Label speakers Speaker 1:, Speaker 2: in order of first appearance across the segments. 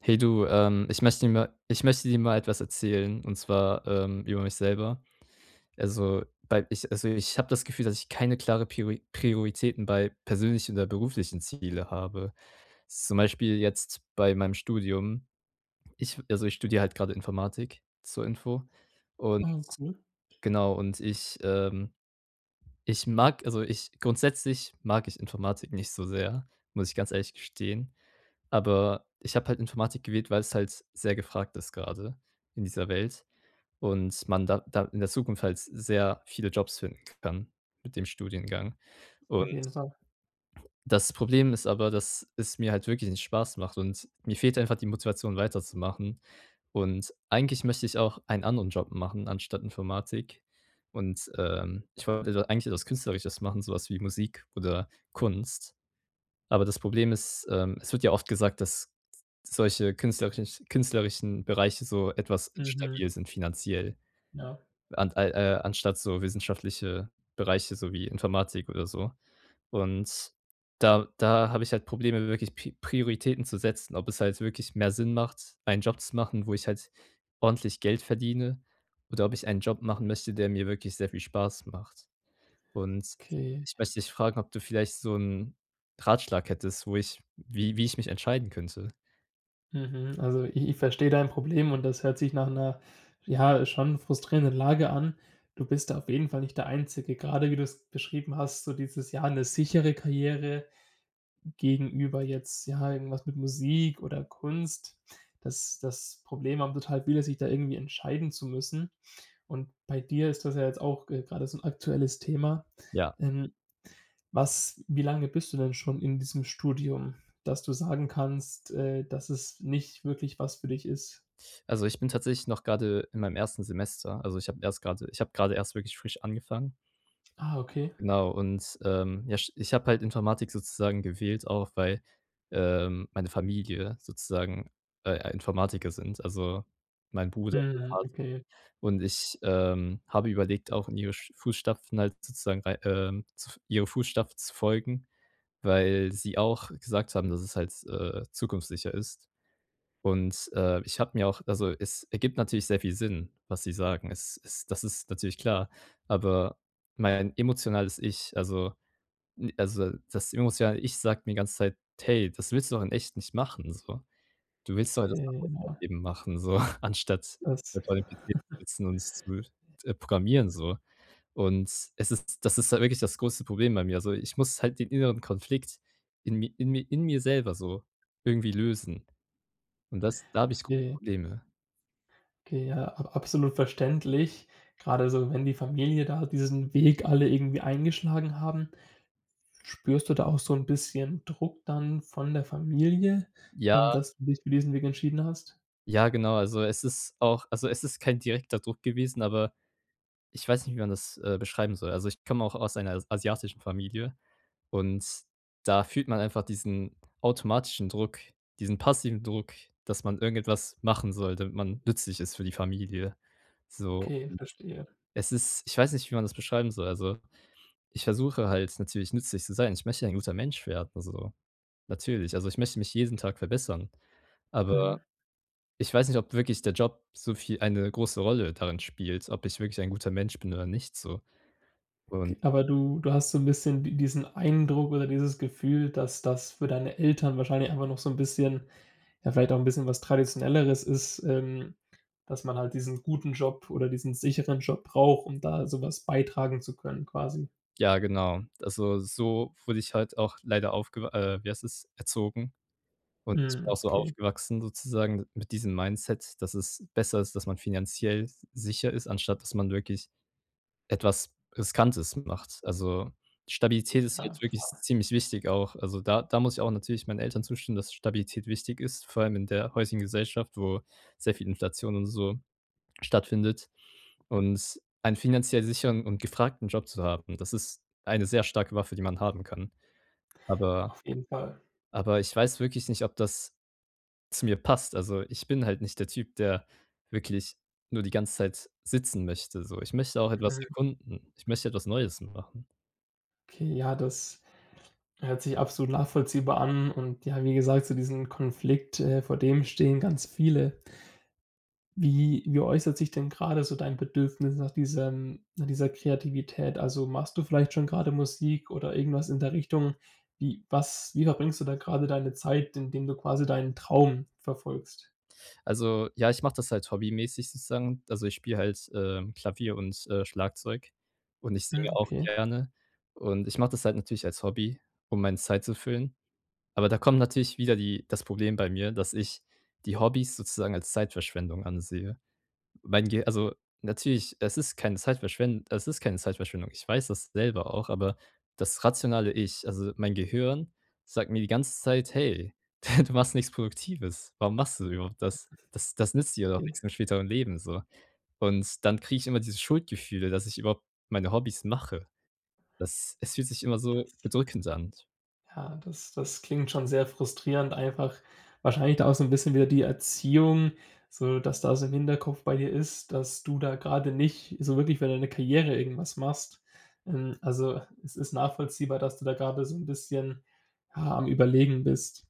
Speaker 1: Hey, du, ähm, ich möchte mir ma ich möchte dir mal etwas erzählen. Und zwar, ähm, über mich selber. Also, bei ich also, ich habe das Gefühl, dass ich keine klare Piori Prioritäten bei persönlichen oder beruflichen Ziele habe, zum Beispiel jetzt bei meinem Studium. Ich also, ich studiere halt gerade Informatik, zur Info, und
Speaker 2: Mhm, cool.
Speaker 1: genau und ich Ähm, ich mag also ich grundsätzlich mag ich Informatik nicht so sehr, muss ich ganz ehrlich gestehen. Aber ich habe halt Informatik gewählt, weil es halt sehr gefragt ist gerade in dieser Welt und man da da in der Zukunft halt sehr viele Jobs finden kann mit dem Studiengang
Speaker 2: Auf
Speaker 1: und
Speaker 2: jeden Fall.
Speaker 1: das Problem ist aber, dass es mir halt wirklich nicht Spaß macht, und mir fehlt einfach die Motivation weiterzumachen. Und eigentlich möchte ich auch einen anderen Job machen, anstatt Informatik. Und, ähm, ich wollte eigentlich etwas Künstlerisches machen, sowas wie Musik oder Kunst. Aber das Problem ist, ähm, es wird ja oft gesagt, dass solche künstlerische künstlerischen Bereiche so etwas
Speaker 2: Mhm.
Speaker 1: instabil sind finanziell.
Speaker 2: Ja.
Speaker 1: An al äh, anstatt so wissenschaftliche Bereiche, so wie Informatik oder so. Und da da habe ich halt Probleme wirklich Pi Prioritäten zu setzen, ob es halt wirklich mehr Sinn macht, einen Job zu machen, wo ich halt ordentlich Geld verdiene oder ob ich einen Job machen möchte, der mir wirklich sehr viel Spaß macht. Und
Speaker 2: Okay.
Speaker 1: ich möchte dich fragen, ob du vielleicht so 'n Ratschlag hättest, wo ich wie wie ich mich entscheiden könnte?
Speaker 2: Mhm, also ich ich verstehe dein Problem und das hört sich nach 'ner, ja, schon frustrierenden Lage an. Du bist da auf jeden Fall nicht der Einzige, grade wie du es beschrieben hast, so dieses ja, 'ne sichere Karriere gegenüber jetzt, ja, irgendwas mit Musik oder Kunst. Das das Problem haben total viele, sich da irgendwie entscheiden zu müssen. Und bei dir ist das ja jetzt auch, äh, gerade so 'n aktuelles Thema.
Speaker 1: Ja.
Speaker 2: Ähm. Was wie lange bist du denn schon in diesem Studium, dass du sagen kannst, äh, dass es nicht wirklich was für dich ist?
Speaker 1: Also, ich bin tatsächlich noch grade in meinem 1. Semester. Also, ich habe erst grade ich habe grade erst wirklich frisch angefangen.
Speaker 2: Ah, okay.
Speaker 1: Genau, und, ähm, ja, sch ich habe halt Informatik sozusagen gewählt auch, weil, ähm, meine Familie sozusagen, äh, Informatiker sind, also mein Bruder, mein
Speaker 2: Mhm,
Speaker 1: Vater.
Speaker 2: okay.
Speaker 1: Und ich, ähm, habe überlegt, auch in ihre sch Fußstapfen halt sozusagen rei, ähm, zu f ihren Fußstapfen zu folgen, weil sie auch gesagt haben, dass es halt, äh, zukunftssicher ist. Und, äh, ich habe mir auch also es ergibt natürlich sehr viel Sinn, was sie sagen. Es ist das ist natürlich klar, aber mein emotionales Ich, also i also das emotionale Ich sagt mir die ganze Zeit: „Hey, das willst du doch in echt nicht machen, so. Du willst doch das
Speaker 2: Okay,
Speaker 1: [unintelligible]
Speaker 2: ja.
Speaker 1: eben machen, so anstatt
Speaker 2: Das
Speaker 1: vor dem PC zu sitzen und zu, äh, programmieren so.‟ Und es ist das ist halt wirklich das größte Problem bei mir. Also, ich muss halt den inneren Konflikt in mi in mi in mir selber so irgendwie lösen. Und das da habe ich große
Speaker 2: Okay.
Speaker 1: Probleme.
Speaker 2: Okay, ja, ab absolut verständlich. Gerade so, wenn die Familie da diesen Weg alle irgendwie eingeschlagen haben. Spürst du da auch so 'n bisschen Druck dann von der Familie, ähm,
Speaker 1: Ja.
Speaker 2: dass du dich für diesen Weg entschieden hast?
Speaker 1: Ja, genau, also es ist auch also es ist kein direkter Druck gewesen, aber, ich weiß nicht, wie man das, äh, beschreiben soll. Also, ich komme auch aus einer s asiatischen Familie. Und da fühlt man einfach diesen automatischen Druck, diesen passiven Druck, dass man irgendetwas machen soll, damit man nützlich ist für die Familie. So, und
Speaker 2: Okay, verstehe.
Speaker 1: es ist ich weiß nicht, wie man das beschreiben soll. Also, ich versuche halt natürlich nützlich zu sein. Ich möchte ja ein guter Mensch werden, also, natürlich. Also, ich möchte mich jeden Tag verbessern.
Speaker 2: Mhm.
Speaker 1: Aber ich weiß nicht, ob wirklich der Job so viel eine große Rolle darin spielt, ob ich wirklich ein guter Mensch bin oder nicht, so. Und
Speaker 2: Okay, aber du du hast so 'n bisschen di diesen Eindruck oder dieses Gefühl, dass das für deine Eltern wahrscheinlich immer noch so 'n bisschen, ja, vielleicht auch 'n bisschen was Traditionelleres ist, ähm, dass man halt diesen guten Job oder diesen sicheren Job braucht, um da sowas beitragen zu können, quasi?
Speaker 1: Ja, genau. Also, so wurde ich halt auch leider aufge äh, wie heißt das, erzogen und
Speaker 2: Mhm.
Speaker 1: auch so
Speaker 2: Okay.
Speaker 1: aufgewachsen sozusagen d mit diesem Mindset, dass es besser ist, dass man finanziell sicher ist, anstatt dass man wirklich etwas Riskantes macht. Also, Stabilität ist
Speaker 2: Ja,
Speaker 1: jetzt wirklich
Speaker 2: klar.
Speaker 1: ziemlich wichtig auch. Also da da muss ich auch natürlich meinen Eltern zustimmen, dass Stabilität wichtig ist, vor allem in der heutigen Gesellschaft, wo sehr viel Inflation und so stattfindet. Und einen finanziell sicheren und gefragten Job zu haben, das ist eine sehr starke Waffe, die man haben kann. Aber
Speaker 2: Auf jeden Fall.
Speaker 1: aber ich weiß wirklich nicht, ob das zu mir passt. Also, ich bin halt nicht der Typ, der wirklich nur die ganze Zeit sitzen möchte, so. Ich möchte auch etwas
Speaker 2: Mhm.
Speaker 1: erkunden. Ich möchte etwas Neues machen.
Speaker 2: Okay, ja, das hört sich absolut nachvollziehbar an und ja, wie gesagt, zu diesem Konflikt äh, vor dem stehen ganz viele. Wie wie äußert sich denn gerade so dein Bedürfnis nach diesem nach dieser Kreativität? Also, machst du vielleicht schon grade Musik oder irgendwas in der Richtung. Wie was wie verbringst du da grade deine Zeit, indem du quasi deinen Traum verfolgst?
Speaker 1: Also ja, ich mache das halt hobbymäßig sozusagen. Also, ich spiele halt, äh, Klavier und, äh, Schlagzeug und ich singe
Speaker 2: Mhm,
Speaker 1: auch
Speaker 2: Okay.
Speaker 1: gerne. Und ich mache das halt natürlich als Hobby, um meine Zeit zu füllen. Aber da kommt natürlich wieder die das Problem bei mir, dass ich die Hobbys sozusagen als Zeitverschwendung ansehe. Mein Ge also natürlich, es ist keine Zeitverschwen es ist keine Zeitverschwendung. Ich weiß das selber auch, aber das rationale Ich, also mein Gehirn, sagt mir die ganze Zeit: „Hey, du machst nichts Produktives. Warum machst du überhaupt das? Das das nützt dir doch
Speaker 2: Okay.
Speaker 1: nix im späteren Leben so.“ Und dann kriege ich immer dieses Schuldgefühle, dass ich überhaupt meine Hobbys mache. Das es fühlt sich immer so bedrückend an.
Speaker 2: Ja, das das klingt schon sehr frustrierend, einfach wahrscheinlich da auch so 'n bisschen wieder die Erziehung so, dass da so im Hinterkopf bei dir ist, dass du da gerade nicht so wirklich für deine Karriere irgendwas machst. Ähm, also es ist nachvollziehbar, dass du da gerade so 'n bisschen, ja, am Überlegen bist.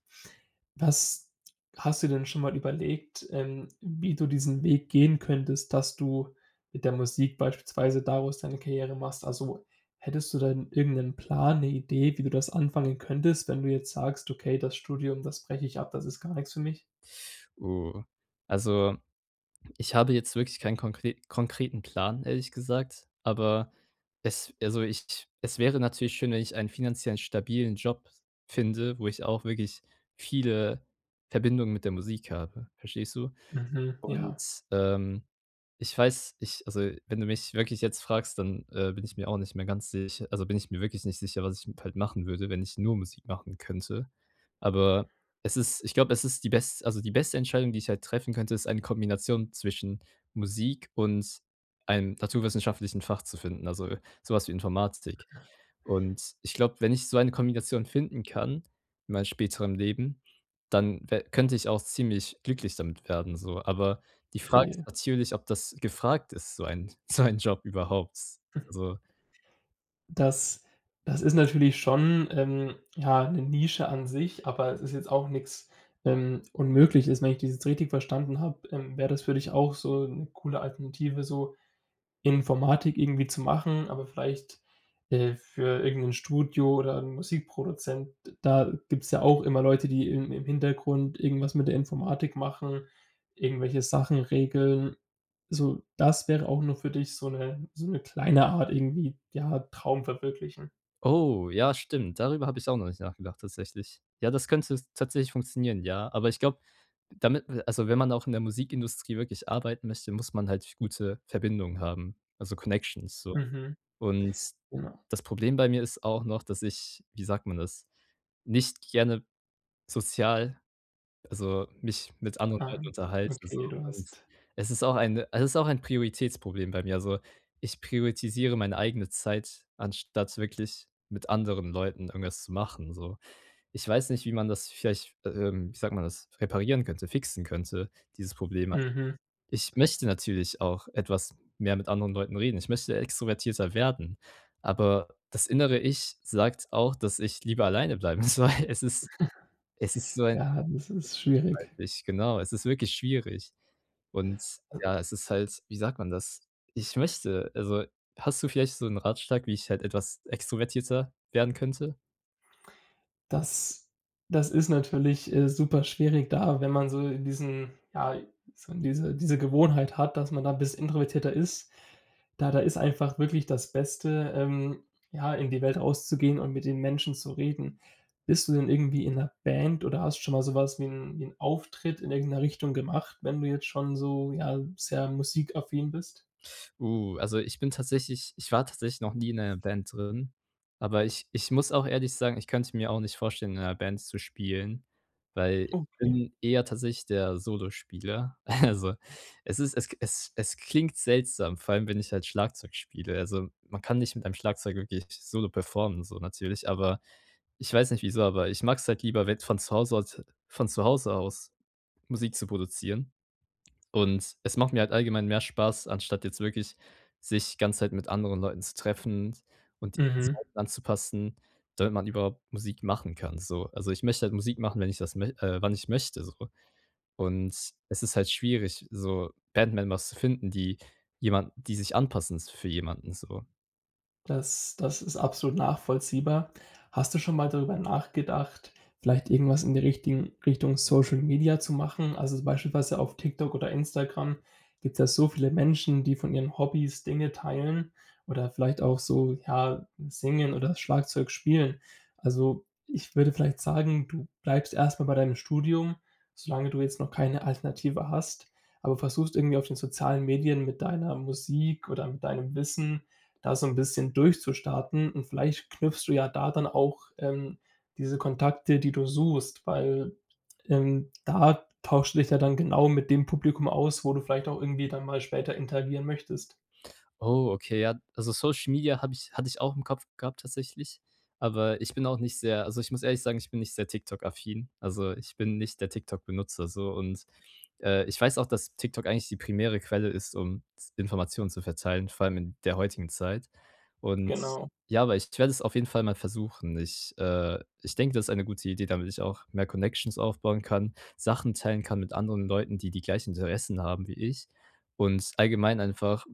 Speaker 2: Was hast du denn schon mal überlegt, ähm, wie du diesen Weg gehen könntest, dass du mit der Musik beispielsweise daraus deine Karriere machst? Also, hättest du denn irgendeinen Plan, 'ne Idee, wie du das anfangen könntest, wenn du jetzt sagst: „Okay, das Studium, das breche ich ab, das ist gar nix für mich.‟
Speaker 1: Oh, also, ich habe jetzt wirklich keinen konkre konkreten Plan, ehrlich gesagt, aber es also ich es wäre natürlich schön, wenn ich einen finanziell stabilen Job finde, wo ich auch wirklich viele Verbindungen mit der Musik habe, verstehst du?
Speaker 2: Mhm.
Speaker 1: Und,
Speaker 2: Ja.
Speaker 1: ähm, ich weiß, ich also wenn du mich wirklich jetzt fragst, dann, äh, bin ich mir auch nicht mehr ganz sich also bin ich mir wirklich nicht sicher, was ich m halt machen würde, wenn ich nur Musik machen könnte. Aber es ist ich glaube, es ist die bes also die beste Entscheidung, die ich halt treffen könnte, ist eine Kombination zwischen Musik und einem naturwissenschaftlichen Fach zu finden, also sowas wie Informatik. Und ich glaube, wenn ich so eine Kombination finden kann in meinem späteren Leben, dann we könnte ich auch ziemlich glücklich damit werden so. Aber die Frage ist
Speaker 2: Okay.
Speaker 1: natürlich, ob das gefragt ist, so ein so ein Job überhaupt, also
Speaker 2: Das das ist natürlich schon, ähm, ja, 'ne Nische an sich, aber es ist jetzt auch nix, ähm, Unmögliches. Wenn ich das jetzt richtig verstanden habe, ähm, wäre das für dich auch so 'ne coole Alternative, so Informatik irgendwie zu machen, aber vielleicht, äh, für irgendein Studio oder 'nen Musikproduzenten. Da gibt's ja auch immer Leute, die im im Hintergrund irgendwas mit der Informatik machen, irgendwelche Sachen regeln. So, das wäre auch nur für dich so 'ne so 'ne kleine Art irgendwie, ja, Traum verwirklichen.
Speaker 1: Oh, ja, stimmt, darüber habe ich auch noch nicht nachgedacht, tatsächlich. Ja, das könnte tatsächlich funktionieren, ja, aber ich glaube, damit also, wenn man auch in der Musikindustrie wirklich arbeiten möchte, muss man halt gute Verbindungen haben, also Connections so.
Speaker 2: Mhm.
Speaker 1: Und
Speaker 2: Genau.
Speaker 1: das Problem bei mir ist auch noch, dass ich- wie sagt man das- nicht gerne, sozial also, mich mit anderen
Speaker 2: Ah.
Speaker 1: Leuten unterhalte so
Speaker 2: Okay, du
Speaker 1: und
Speaker 2: hast
Speaker 1: es ist auch eine es ist auch ein Prioritätsproblem bei mir, also, ich prioritisiere meine eigene Zeit, anstatt wirklich mit anderen Leuten irgendwas zu machen, so. Ich weiß nicht, wie man das vielleicht, ähm, wie sagt man das reparieren könnte, fixen könnte dieses Problem.
Speaker 2: Mhm.
Speaker 1: Ich möchte natürlich auch etwas mehr mit anderen Leuten reden. Ich möchte extrovertierter werden, aber das innere Ich sagt auch, dass ich lieber alleine bleiben soll. soll. Es ist es ist so ein
Speaker 2: Ja, das ist
Speaker 1: [unintelligible]
Speaker 2: schwierig.
Speaker 1: weiß ich genau, es ist wirklich schwierig. Und
Speaker 2: Also.
Speaker 1: ja, es ist halt, wie sagt man das? Ich möchte, also, hast du vielleicht so 'n Ratschlag, wie ich halt etwas extrovertierter werden könnte?
Speaker 2: Das das ist natürlich, äh, super schwierig da, wenn man so in diesen ja, so diese diese Gewohnheit hat, dass man da 'n bisschen introvertierter ist. Da da ist einfach wirklich das Beste, ähm, ja, in die Welt rauszugehen und mit den Menschen zu reden. Bist du denn irgendwie in 'ner Band oder hast schon mal sowas wie 'n wie 'n Auftritt in irgendeiner Richtung gemacht? Wenn du jetzt schon so, ja, sehr musikaffin bist?
Speaker 1: Uh, also ich bin tatsächlich ich war tatsächlich noch nie in einer Band drin, aber ich ich muss auch ehrlich sagen, ich könnte mir auch nicht vorstellen, in einer Band zu spielen, weil ich
Speaker 2: Oh, okay.
Speaker 1: bin eher tatsächlich der Solospieler. Also, es ist es k es es klingt seltsam, vor allem, wenn ich halt Schlagzeug spiele. Also, man kann nicht mit einem Schlagzeug wirklich Solo performen, so natürlich, aber ich weiß nicht wieso, aber, ich mag es halt lieber, wenn von zu Hause aus von zu Hause aus Musik zu produzieren. Und, es macht mir halt allgemein mehr Spaß, anstatt jetzt wirklich sich ganze Zeit mit anderen Leuten zu treffen und die
Speaker 2: Mhm.
Speaker 1: Zeiten anzupassen, damit man überhaupt Musik machen kann, so. Also, ich möchte halt Musik machen, wenn ich das mö äh, wann ich möchte so. Und es ist halt schwierig, so Band Members zu finden, die jemand die sich anpassen s für jemanden, so.
Speaker 2: Das das ist absolut nachvollziehbar. Hast du schon mal darüber nachgedacht, vielleicht irgendwas in die richtigen Richtung Social Media zu machen? Also beispielsweise auf TikTok oder Instagram gibt's ja so viele Menschen, die von ihren Hobbys Dinge teilen oder vielleicht auch so, ja, singen oder Schlagzeug spielen. Also, ich würde vielleicht sagen, du bleibst erstmal bei deinem Studium, solange du jetzt noch keine Alternative hast, aber versuchst, irgendwie auf den sozialen Medien mit deiner Musik oder mit deinem Wissen da so 'n bisschen durchzustarten. Und vielleicht knüpfst du ja da dann auch, ähm, diese Kontakte, die du suchst, weil, ähm, da tauschst du dich ja dann genau mit dem Publikum aus, wo du vielleicht auch irgendwie dann mal später interagieren möchtest.
Speaker 1: Oh, okay, ja, also Social Media habe ich hatte ich auch im Kopf gehabt tatsächlich. Aber ich bin auch nicht sehr also ich muss ehrlich sagen, ich bin nicht sehr TikTok-affin. Also, ich bin nicht der TikTok-Benutzer so und, äh, ich weiß auch, dass TikTok eigentlich die primäre Quelle ist, um z Informationen zu verteilen, vor allem in der heutigen Zeit. Und
Speaker 2: Genau.
Speaker 1: ja, aber ich werde es auf jeden Fall mal versuchen. Ich, äh ich denke, das ist eine gute Idee, damit ich auch mehr Connections aufbauen kann, Sachen teilen kann mit anderen Leuten, die die gleichen Interessen haben wie ich, und allgemein einfach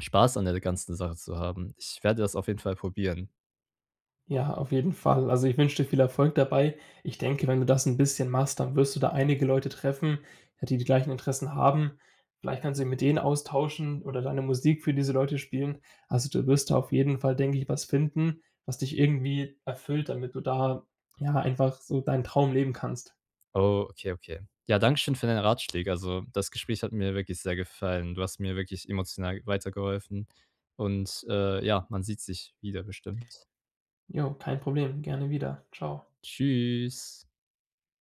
Speaker 1: Spaß an der ganzen Sache zu haben. Ich werde das auf jeden Fall probieren.
Speaker 2: Ja, auf jeden Fall. Also, ich wünsche dir viel Erfolg dabei. Ich denke, wenn du das 'n bisschen machst, dann wirst du da einige Leute treffen, ja, die die gleichen Interessen haben. Vielleicht kannst du dich mit denen austauschen oder deine Musik für diese Leute spielen. Also, du wirst da auf jeden Fall, denke ich, was finden, was dich irgendwie erfüllt, damit du da, ja, einfach so deinen Traum leben kannst.
Speaker 1: Oh. Okay, okay. Ja, danke schön für deine Ratschläge. Also, das Gespräch hat mir wirklich sehr gefallen. Du hast mir wirklich emotional weitergeholfen und, äh, ja, man sieht sich wieder bestimmt.
Speaker 2: Jo, kein Problem, gerne wieder. Tschau.
Speaker 1: Tschüss.